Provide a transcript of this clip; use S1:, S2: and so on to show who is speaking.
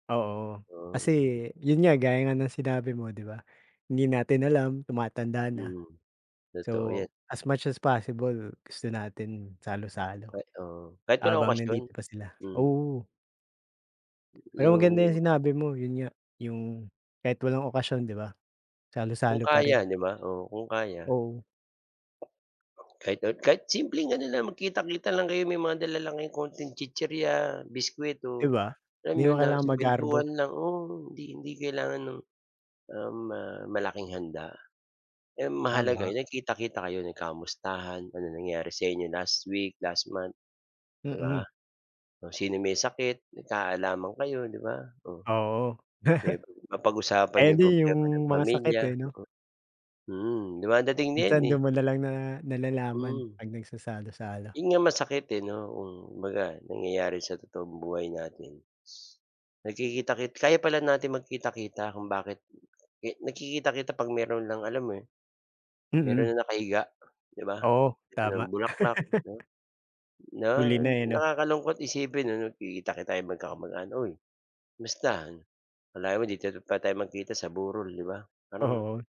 S1: Oo,
S2: Ah,
S1: kasi
S2: hmm.
S1: yon nga, gaya nga ng sinabi mo, 'di ba, hindi natin alam tumatanda na
S2: Mhm, totoo
S1: so,
S2: yan.
S1: as much as possible gusto natin salu-salo
S2: Ah, oo. Kahit walang
S1: habang
S2: okasyon,
S1: nandito pa sila,
S2: mhm.
S1: oo. Pero maganda
S2: Yung.
S1: yung sinabi mo, 'yon nga yung kahit walang okasyon, 'di ba,
S2: Kung
S1: salo-salo pa
S2: kaya,
S1: rin.
S2: 'di ba? Oo, kung kaya.
S1: Oo.
S2: Kahit na kahit simpleng ano lang magkita-kita lang kayo, may mga dala lang kayo konting chichirya, biskwit
S1: 'Di
S2: o
S1: ba?
S2: yan
S1: Hindi
S2: mga
S1: mo
S2: na
S1: kailangan magarbo.
S2: kuwentuhan lang oo, hindi, hindi kailangan ng, um, ah, malaking handa. Ang mahalaga
S1: Tama.
S2: nagkita-kita kayo, nagkamustahan, ano nangyari sa inyo last week, last month, 'di
S1: Mm.
S2: ba? Kung sino may sakit, magkaalaman kayo, 'di ba, oh.
S1: Oo.
S2: Yung mapag-usapan
S1: Ayan
S2: yung
S1: din
S2: problema
S1: yung
S2: ng
S1: mga sakit
S2: pamilya,
S1: eh, 'no?
S2: mm. Mhm, dumadating na 'yan,
S1: Minsan
S2: eh.
S1: do'n mo nalang na nalalaman
S2: Hmm.
S1: 'pag nagsasalo-salo.
S2: 'Yon nga masakit eh 'no, hmm. Kumbaga nangyayari sa totoong buhay natin is nagkikita-ki kaya pala natin magkita-kita, kung bakit eh nagkikita-kita 'pag mayro'n lang alam mo yon,
S1: Mm.
S2: mayro'n ng nakahiga, 'di ba?
S1: Oo,
S2: Dala
S1: tama.
S2: ng bulaklak, 'no? na
S1: Huli na, eh, 'no?
S2: Nakakalungkot isipin ano, nagkikita-kita tayo magkakamag-anak, "huy, kamusta? Akalain mo dito pa tayo magkikita sa burol, 'di ba?" Parang
S1: Oo.